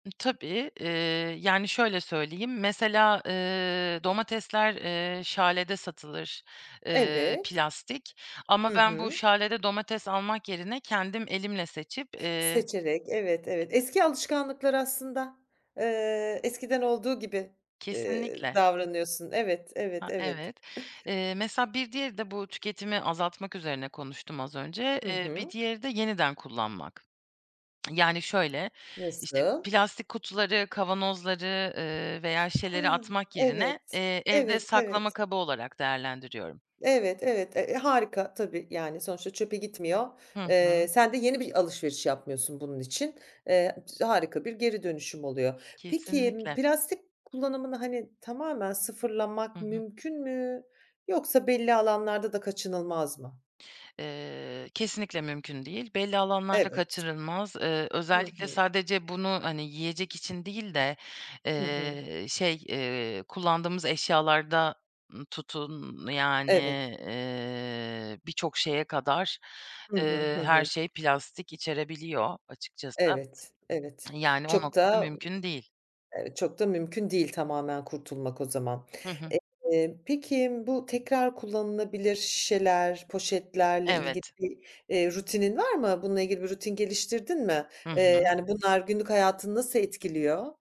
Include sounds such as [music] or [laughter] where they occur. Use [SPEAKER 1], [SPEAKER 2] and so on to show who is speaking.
[SPEAKER 1] Tabii. Eee, yani, şöyle söyleyeyim, mesela, eee, domatesler, eee, Schale satılır, eee,
[SPEAKER 2] Evet.
[SPEAKER 1] plastik ama
[SPEAKER 2] Hı
[SPEAKER 1] ben bu
[SPEAKER 2] hı.
[SPEAKER 1] Schale domates almak yerine kendim elimle seçip eee
[SPEAKER 2] Seçerek, evet, evet. Eski alışkanlıklar aslında, eee, eskiden olduğu gibi, eee,
[SPEAKER 1] Kesinlikle.
[SPEAKER 2] davranıyorsun. Evet, evet,
[SPEAKER 1] A,
[SPEAKER 2] evet.
[SPEAKER 1] evet.
[SPEAKER 2] [chuckles]
[SPEAKER 1] Eee, mesela bir diğeri de bu tüketimi azaltmak üzerine konuştum az önce.
[SPEAKER 2] Hı
[SPEAKER 1] Eee, bir
[SPEAKER 2] hı.
[SPEAKER 1] diğeri de yeniden kullanmak. [tsk] Yani, şöyle, işte,
[SPEAKER 2] Nasıl?
[SPEAKER 1] plastik kutuları, kavanozları, ııı, veya
[SPEAKER 2] Ha,
[SPEAKER 1] şişeleri atmak yerine,
[SPEAKER 2] evet.
[SPEAKER 1] eee, evde
[SPEAKER 2] Evet,
[SPEAKER 1] saklama
[SPEAKER 2] evet.
[SPEAKER 1] kabı olarak değerlendiriyorum.
[SPEAKER 2] Evet, evet. E, harika tabii. Yani, sonuçta çöpe gitmiyor.
[SPEAKER 1] Hı
[SPEAKER 2] Eee,
[SPEAKER 1] hı.
[SPEAKER 2] sen de yeni bir alışveriş yapmıyorsun bunun için. Eee, [unintelligible] harika bir geri dönüşüm oluyor. Peki,
[SPEAKER 1] Kesinlikle.
[SPEAKER 2] plastik kullanımını, hani, tamamen
[SPEAKER 1] Hı
[SPEAKER 2] sıfırlamak
[SPEAKER 1] hı.
[SPEAKER 2] mümkün mü yoksa belli alanlarda da kaçınılmaz mı?
[SPEAKER 1] Eee, kesinlikle mümkün değil. Belli alanlarda
[SPEAKER 2] Evet.
[SPEAKER 1] kaçırılmaz. Eee,
[SPEAKER 2] Hı
[SPEAKER 1] özellikle
[SPEAKER 2] hı.
[SPEAKER 1] sadece bunu, hani, yiyecek için değil de,
[SPEAKER 2] Hı hı.
[SPEAKER 1] eee, şey, eee, kullandığımız eşyalarda, ııı, tutun, yani,
[SPEAKER 2] Evet.
[SPEAKER 1] eee, birçok şeye kadar,
[SPEAKER 2] Hı hı.
[SPEAKER 1] eee,
[SPEAKER 2] Hı
[SPEAKER 1] her
[SPEAKER 2] hı.
[SPEAKER 1] şey plastik içerebiliyor açıkçası,
[SPEAKER 2] Evet. Evet.
[SPEAKER 1] yani, o
[SPEAKER 2] Çok
[SPEAKER 1] noktada
[SPEAKER 2] da,
[SPEAKER 1] mümkün değil.
[SPEAKER 2] eee, çok da mümkün değil tamamen kurtulmak o zaman.
[SPEAKER 1] Hı hı.
[SPEAKER 2] Eee, peki, bu tekrar kullanılabilir şişeler, poşetlerle ilgili
[SPEAKER 1] Evet.
[SPEAKER 2] rutinin var mı? Bununla ilgili, bir rutin geliştirdin mi?
[SPEAKER 1] Hı
[SPEAKER 2] Eee,
[SPEAKER 1] hı.
[SPEAKER 2] yani, bunlar günlük hayatını nasıl etkiliyor?